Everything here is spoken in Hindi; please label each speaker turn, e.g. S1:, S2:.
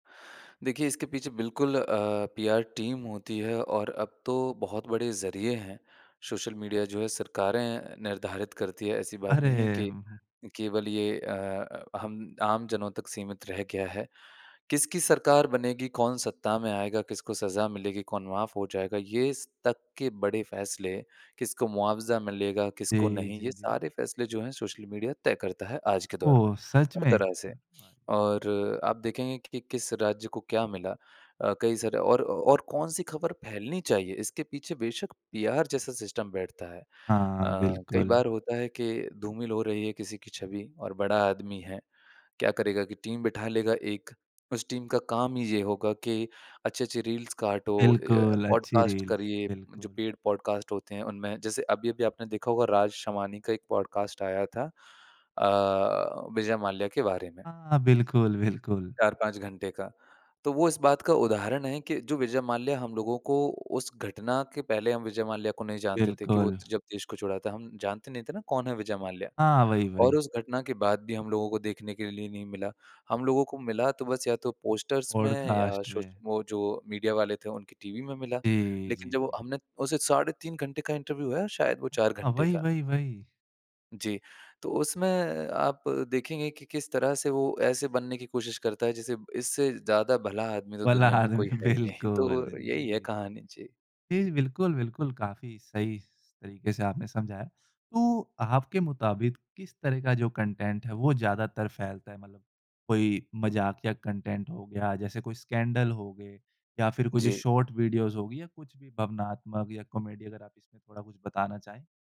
S1: देखिए, इसके पीछे बिल्कुल अ, पीआर टीम होती है और अब तो बहुत बड़े ज़रिए हैं, सोशल मीडिया जो है सरकारें निर्धारित करती हैं, ऐसी बात
S2: अरे!
S1: नहीं है कि
S2: उम, हुँ।
S1: केवल ये अ अ, हम आमजनों तक सीमित रह गया है। किसकी सरकार बनेगी, कौन सत्ता में आएगा, किसको सज़ा मिलेगी, कौन माफ़ हो जाएगा, ये स तक के बड़े फैसले किसको मुआवज़ा मिलेगा, किसको
S2: जी,
S1: नहीं?
S2: जी,
S1: ये
S2: जी।
S1: सारे फैसले जो हैं सोशल मीडिया तय करता है आज के दौर में,
S2: ओह! सच
S1: हर
S2: में?
S1: तरह
S2: क्या
S1: से।
S2: बात।
S1: और आप देखेंगे कि किस राज्य को क्या मिला? अ, कई सारे और और कौन-सी खबर फैलनी चाहिए, इसके पीछे बेशक पीआर जैसा सिस्टम बैठता है। अ,
S2: हाँ,
S1: कई
S2: बिल्कुल।
S1: बार होता है कि धूमिल हो रही है किसी की छवि और बड़ा आदमी है, क्या करेगा कि टीम बिठा लेगा एक, उस टीम का काम ही ये होगा कि अच्छे-अच्छे रील्स काटो अ, य
S2: बिल्कुल, अच्छी
S1: पॉडकास्ट
S2: रील,
S1: करिए। जो
S2: बिल्कुल।
S1: पेड पॉडकास्ट होते हैं उनमें जैसे अभी-अभी आपने देखा होगा राज शमानी का एक पॉडकास्ट आया था अ, विजय माल्या के बारे में
S2: हाँ, बिल्कुल, बिल्कुल।
S1: 4-5 घंटे का, तो वो इस बात का उदाहरण है कि जो विजय माल्या हम लोगों को उस घटना के पहले हम विजय माल्या को नहीं जानते थे, कि वो
S2: बिल्कुल।
S1: त जब देश को छोड़ा था, हम जानते नहीं थे ना कौन है विजय माल्या?
S2: हाँ, वही,
S1: और
S2: वही।
S1: उस घटना के बाद भी हम लोगों को देखने के लिए नहीं मिला। हम लोगों को मिला तो बस या तो पोस्टर्स में या
S2: पॉडकास्ट
S1: सोश
S2: में।
S1: वो जो मीडिया वाले थे उनकी टीवी में मिला।
S2: जी,
S1: लेकिन
S2: जी,
S1: जब
S2: जी।
S1: हमने उसे साढ़े 3 घंटे का इंटरव्यू है शायद वो 4
S2: हाँ,
S1: घंटे
S2: वही,
S1: का।
S2: वही, वही।
S1: जी। तो उसमें आप देखेंगे कि किस तरह से वो ऐसे बनने की कोशिश करता है, जैसे ब इससे ज़्यादा भला आदमी तो
S2: वल्ला
S1: दुनिया में कोई
S2: आदमी
S1: है ही नहीं।
S2: बिल्कुल,
S1: तो यही है
S2: जी।
S1: कहानी। जी।
S2: जी, बिल्कुल, बिल्कुल, काफ़ी सही स तरीके से आपने समझाया। तो, आपके मुताबिक किस तरह का जो कन्टेंट है वो ज़्यादातर फैलता है? मतलब कोई मज़ाकिया कन्टेंट हो गया, जैसे कोई स्कैंडल हो गए या फिर कुछ
S1: जी।
S2: शॉर्ट वीडियोज़ हो गईं या कुछ भी भावनात्मक या कॉमेडी? अगर आप इसमें थोड़ा कुछ बताना चाहें।